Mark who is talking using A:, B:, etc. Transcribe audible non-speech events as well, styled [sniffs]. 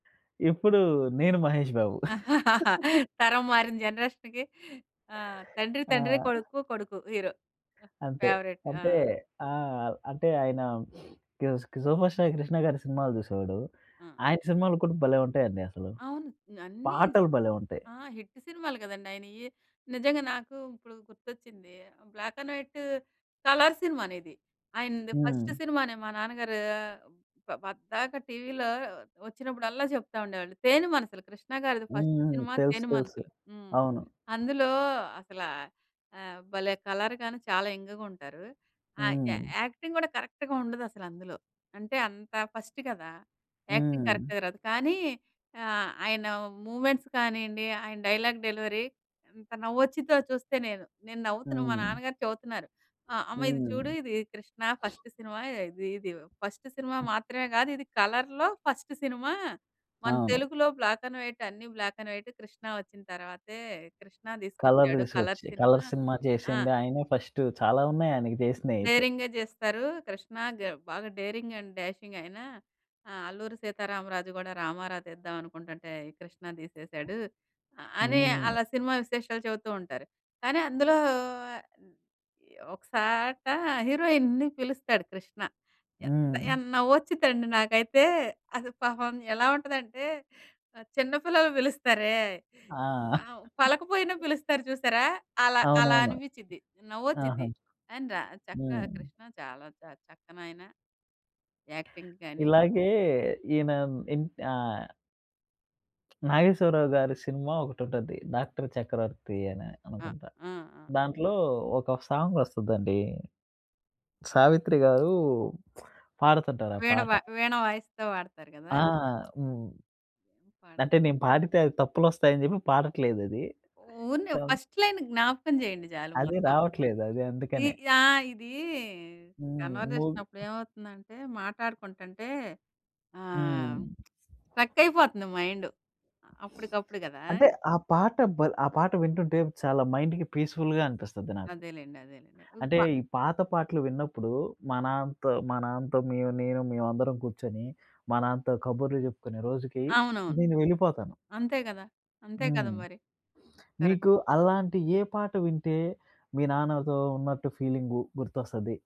A: ఇప్పుడూ నేను 'మహేష్ బాబు.' [laughs]
B: [chuckles] తరం మారింది జనరేషన్‌కి ఆ! తండ్రి తండ్రే,
A: ఆ!
B: కొడుకు కొడుకు హీరో
A: అంతే
B: ఫేవరెట్ ఆ!
A: అంటే ఆ! అంటే ఆయన [sniffs] గుస్ 'సూపర్ స్టార్ కృష్ణ' గారి సినిమాలు చూసేవాడు.
B: ఆ!
A: ఆయన సినిమాలు కూడా భలే! ఉంటాయండి అసలు.
B: అవును. అన్నీ స్
A: పాటలు భలే! ఉంటాయి.
B: ఆ! హిట్ సినిమాలు కదండీ! ఆయినయి. నిజంగా నాకు ఇప్పుడు గుర్తొచ్చింది. బ్లాక్ అండ్ వైట్ కలర్ సినిమానిది ఆయనది ఫస్ట్
A: హ్మ్.
B: సినిమానే మా నాన్నగారూ ప పద్దాక టీవీలో వచ్చినప్పుడల్లా చెప్తా ఉండేవాళ్ళు. తేనె మనసులు 'కృష్ణ' గారిది ఫస్ట్
A: హుహు.
B: సినిమా
A: తెలుసు,
B: 'తేనె
A: తెలుసు.
B: మనసులు'. హ్మ్.
A: అవును.
B: అందులో అసలా ఆహ్, భలే! కలర్ గాను చాలా యంగ్‌గుంటారు. ఆహ్, యా
A: హ్మ్.
B: యాక్టింగ్ కూడా కరెక్ట్‌‌గా ఉండదసలందులో అంటే అంత ఫస్ట్ కదా! యాక్టింగ్
A: హ్మ్.
B: కరెక్ట్‌గా రాదు. కానీ ఆహ్, ఆయన మూమెంట్స్ కానీయండి ఆయన డైలాగ్ డెలివరీ ఎంత నవ్వొచ్చిద్దో చూస్తే నేను. నేను నవ్వుతున్నా మా
A: హ్మ్.
B: నాన్నగారు చెవుతున్నారు. ఆహ్, అమ్మ ఇది
A: హ్మ్.
B: చూడు ఇది 'కృష్ణ'
A: [sniffs]
B: ఫస్ట్ సినిమా ఇది ఇది ఫస్ట్ సినిమా మాత్రమే కాదిది కలర్‌లో ఫస్ట్ సినిమా. మన
A: ఆవును.
B: తెలుగులో బ్లాక్ అండ్ వైట్ అన్నీ బ్లాక్ అండ్ వైటే 'కృష్ణ' వచ్చిన తర్వాతే 'కృష్ణ'
A: కలర్లు
B: తీసుకొచ్చాడు కలర్
A: తీసుకొచ్చి
B: సినిమా
A: కలర్ సినిమా
B: ఆ!
A: చేసింది ఆయనే ఫస్ట్ చాలా ఉన్నాయి ఆయనికి జేసినయితే.
B: డేరింగే జేస్తారు. 'కృష్ణ' గ బాగా డేరింగ్ అండ్ డాషింగ్ అయినా ఆహ్, 'అల్లూరి సీతారామరాజు' కూడా రామారావు తీద్దాం అనుకుంటుంటే 'కృష్ణ' తీసేసాడు. అని
A: హ్మ్.
B: అలా సినిమా విశేషాలు చెవుతూ ఉంటారు. కానీ అందులో ఆహ్, ఒక సాట హీరోయిన్‌ని పిలుస్తాడు 'కృష్ణ.' ఎంత
A: హ్మ్.
B: ఎన్ నవ్వొచ్చిదండి నాకైతే అది పాపం ఎలా ఉంటదంటే చిన్న పిల్లలు పిలుస్తారే
A: ఆ!
B: ఆ! పలకపోయినా
A: [chuckles]
B: పిలుస్తారు చూసారా! అలా అలా
A: అవునవును.
B: అనిపించిద్ది
A: ఆహా!
B: నవ్వొచిద్ది. ఆయన రా చక్క
A: హ్మ్.
B: 'కృష్ణ' చాలా చ చక్కనైనా యాక్టింగ్ గానీ
A: ఇలాగే ఈనాన్ ఇంట్ ఆహ్ 'నాగేశ్వరరావు' గారు సినిమా ఒకటుంటది 'డాక్టర్ చక్రవర్తి' అని
B: ఆ!
A: అనుకుంటా!
B: ఆ! ఆ!
A: దాంట్లో ఒక సాంగ్ వస్తదండి. సావిత్రి గారు పాడుతుంటారు ఆ
B: వీణ వ
A: పాట.
B: వీణ వాయిస్తు వాడతారు గదా!
A: ఆ! హ్మ్.
B: పడ
A: అంటే నేను పాడితే అది తప్పులొస్తాయని చెప్పి పాడట్లేదది
B: ఊరినే
A: సాంగ్
B: ఫస్ట్ లైన్ జ్ఞాపకం చేయండి చాలు.
A: అదే
B: మొత్తం
A: రావట్లేదు. అదే
B: ఇ
A: అందుకనే
B: ఆ! ఇదీ
A: హ్మ్. బోదు
B: కన్వర్జేషనప్పుడేమవుతుందంటే మాట్లాడుకుంటుంటే ఆహ్,
A: హ్మ్.
B: స్ట్రక్కయిపోతంది మైండ్. అప్పుడికప్పుడు గదా!
A: అంటే ఆ పాట భల్ ఆ పాట వింటుంటే చాలా మైండ్‌కి పీస్‌ఫు‌ల్‌గా అనిపిస్తది నాకు.
B: అదేలేండి. అదేలేండి.
A: అంటే
B: ఉంప
A: ఈ పాత పాటలు విన్నప్పుడు మా నాన్నతో మా నాన్నతో మేము నేను మేమందరం కూర్చొని మా నాన్నతో కబుర్లు చెప్పుకునే రోజుకి
B: అవునవును.
A: నేను వెళ్ళిపోతాను.
B: అంతే గదా అంతే కదా!
A: హ్మ్.
B: మరి కరెక్ట్.
A: మీకు అలాంటి ఏ పాట వింటే మీ నాన్నతో ఉన్నట్టు ఫీలింగు గుర్తొస్తది?